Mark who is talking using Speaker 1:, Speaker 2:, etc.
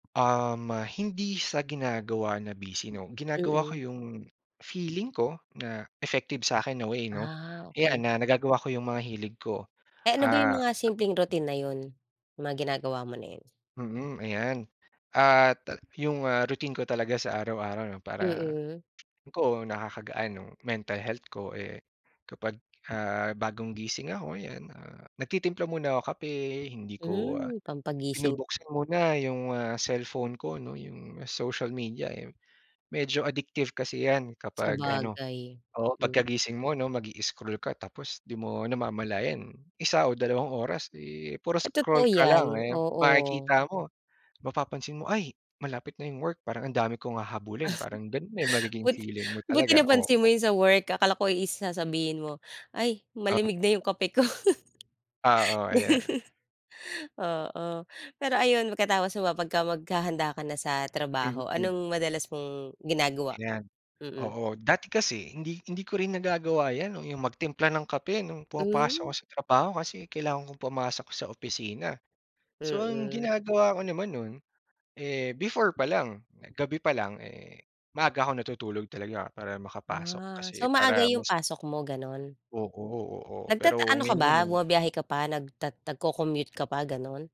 Speaker 1: Um, ah, hindi sa ginagawa na busy, 'no. Ginagawa ko
Speaker 2: Mm.
Speaker 1: 'yong, feeling ko na effective sa'kin na way, 'no.
Speaker 2: Ah,
Speaker 1: Eh,
Speaker 2: okay.
Speaker 1: ana nagagawa ko 'yong mga hilig ko,
Speaker 2: Eh, ano ba 'yong
Speaker 1: ah
Speaker 2: mga simpleng routine na 'yon? 'Yong mga ginagawa mo na 'yon?
Speaker 1: mm, ayan. At, ah, 'yong, ah, routine ko talaga sa araw-araw, 'no, para,
Speaker 2: Mm.
Speaker 1: ko nakakagaan no'ng mental health ko. Eh, kapag, ah, bagong gising ako ayan, ah, nagtitimpla muna ako kape, hindi ko, ah,
Speaker 2: Hmm, pampagising.
Speaker 1: binubuksan muna 'yong, ah, cellphone ko, 'no, 'yong social media, eh. Medyo addictive kasi 'yan kapag ano,
Speaker 2: Sabagay.
Speaker 1: oo,
Speaker 2: M
Speaker 1: pagkagising mo, 'no, mag-i-scroll ka tapos 'di mo namamalayan 1 o 2 oras, eh, puro
Speaker 2: Ay totoo
Speaker 1: scroll ka
Speaker 2: 'yan,
Speaker 1: lang, eh.
Speaker 2: oo.
Speaker 1: Makikita mo mapapansin mo ay malapit na 'yong work parang ang dami kong hahabulin, parang gano'n na 'yong magiging
Speaker 2: But
Speaker 1: feeling mo
Speaker 2: buti
Speaker 1: talaga.
Speaker 2: napansin
Speaker 1: Oo.
Speaker 2: mo 'yong sa work, akala ko is sasabihin mo, "Ay malamig
Speaker 1: Oo.
Speaker 2: na 'yong kape ko."
Speaker 1: Ah, o, ayan.
Speaker 2: Gano Oo, pero ayun, pagkatapos mo ba, pagka maghahanda ka na sa trabaho,
Speaker 1: Mm.
Speaker 2: anong madalas mong ginagawa?
Speaker 1: Ayan.
Speaker 2: Mm.
Speaker 1: Oo, dati kasi hindi hindi ko rin nagagawa 'yan, 'no, 'yong magtimpla ng kape no'ng pumapasok
Speaker 2: Hmm.
Speaker 1: ako sa trabaho kasi kailangan kong pumasok sa opisina. So, ang
Speaker 2: Mm.
Speaker 1: ginagawa ko naman no'n, eh, before palang, na gabi pa lang, eh, maaga ako natutulog talaga para makapasok
Speaker 2: Ah.
Speaker 1: kasi
Speaker 2: So maaga
Speaker 1: para
Speaker 2: 'yong
Speaker 1: mas
Speaker 2: pasok mo, gano'n?
Speaker 1: Oo, oo.
Speaker 2: Nagtat
Speaker 1: Pero,
Speaker 2: ano ka
Speaker 1: ngayon
Speaker 2: ba,
Speaker 1: naman
Speaker 2: bumabiyahe ka pa, nagtat nagco-commute ka pa, gano'n?